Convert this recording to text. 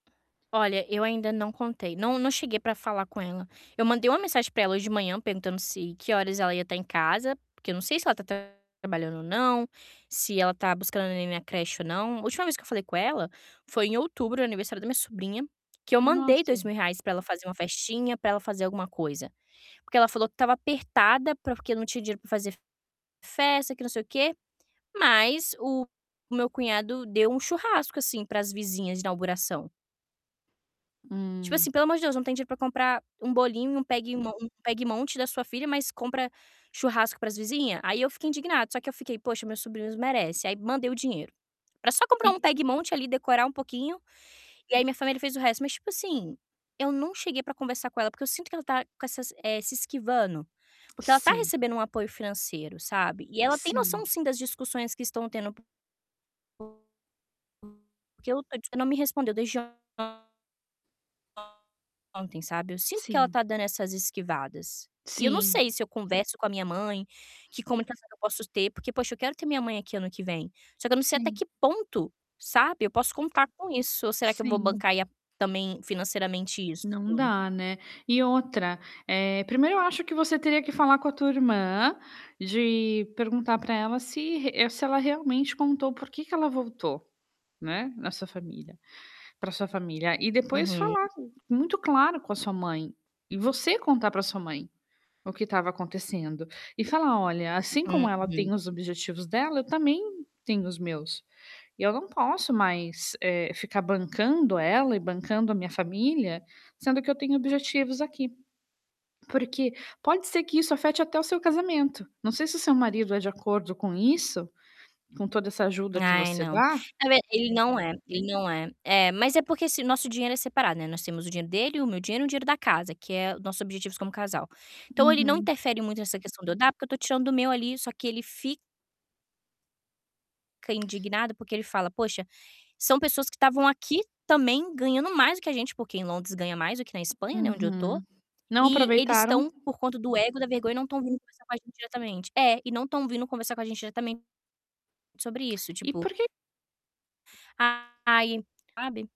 Olha, eu ainda não contei. Não não cheguei para falar com ela. Eu mandei uma mensagem para ela hoje de manhã perguntando se que horas ela ia tá em casa, porque eu não sei se ela tá trabalhando ou não, se ela tá buscando a neném na creche ou não. A última vez que eu falei com ela foi em outubro, no aniversário da minha sobrinha, que eu mandei dois Nossa. mil reais para ela fazer uma festinha, para ela fazer alguma coisa, porque ela falou que tava apertada para porque não tinha dinheiro para fazer festa, que não sei o que, mas o meu cunhado deu um churrasco, assim, para as vizinhas de inauguração. Tipo assim, Hum. pelo amor de Deus, não tem dinheiro para comprar um bolinho e um peguemon um pegue e monte da sua filha, mas compra churrasco para as vizinha? Aí eu fico indignada, só que eu fiquei: "Poxa, meus sobrinhos merecem". Aí mandei o dinheiro. Era só comprar E um pegue e monte ali, decorar um pouquinho. E aí minha família fez o resto, mas tipo assim, eu não cheguei para conversar com ela, porque eu sinto que ela tá com essas, eh, se esquivando, porque ela tá Sim. recebendo um apoio financeiro, sabe. E ela tem noção, Sim. sim, das discussões que estão tendo que eu não tô dis ela não me respondeu desde Ontem, sabe. Eu sinto que ela Sim. tá dando essas esquivadas. E eu não Sim. sei se eu converso com a minha mãe, que comunicação que eu posso ter, porque, poxa, eu quero ter minha mãe aqui ano que vem. Só que eu não sei até que Sim. ponto, sabe, eu posso contar com isso, ou será que eu vou Sim. bancar aí a também financeiramente isso Não tudo. dá, né. E outra, eh, primeiro eu acho que você teria que falar com a tua irmã, de perguntar para ela se re se ela realmente contou por que que ela voltou, né, na sua família para sua família. E depois Uhum. falar, muito claro com a sua mãe e você contar para sua mãe o que tava acontecendo e falar: "Olha, assim Uh, como ela hum. tem os objetivos dela, eu também tenho os meus. E eu não posso mais, eh, ficar bancando ela e bancando a minha família, sendo que eu tenho objetivos aqui." Porque pode ser que isso afete até o seu casamento. Não sei se o seu marido é de acordo com isso, com toda essa ajuda que Ai, você não. dá. A ver. Ele não é ele não é. É, mas é porque se nosso dinheiro é separado, né. Nós temos o dinheiro dele, o meu dinheiro e o dinheiro da casa, que é os nossos objetivos como casal. Então ele não Uhum. interfere muito nessa questão de eu dar, porque eu tô tirando do meu ali, só que ele fi Fica indignado, porque ele fala: "Poxa, são pessoas que tavam aqui também ganhando mais do que a gente", porque em Londres ganha mais do que na Espanha, né, onde eu tô." Uhum. Não E eles tão, aproveitaram? por conta do ego e da vergonha, não tão vindo conversar com a gente diretamente". É, e não tão vindo conversar com a gente diretamente sobre isso, E tipo por que ah, ai, sabe.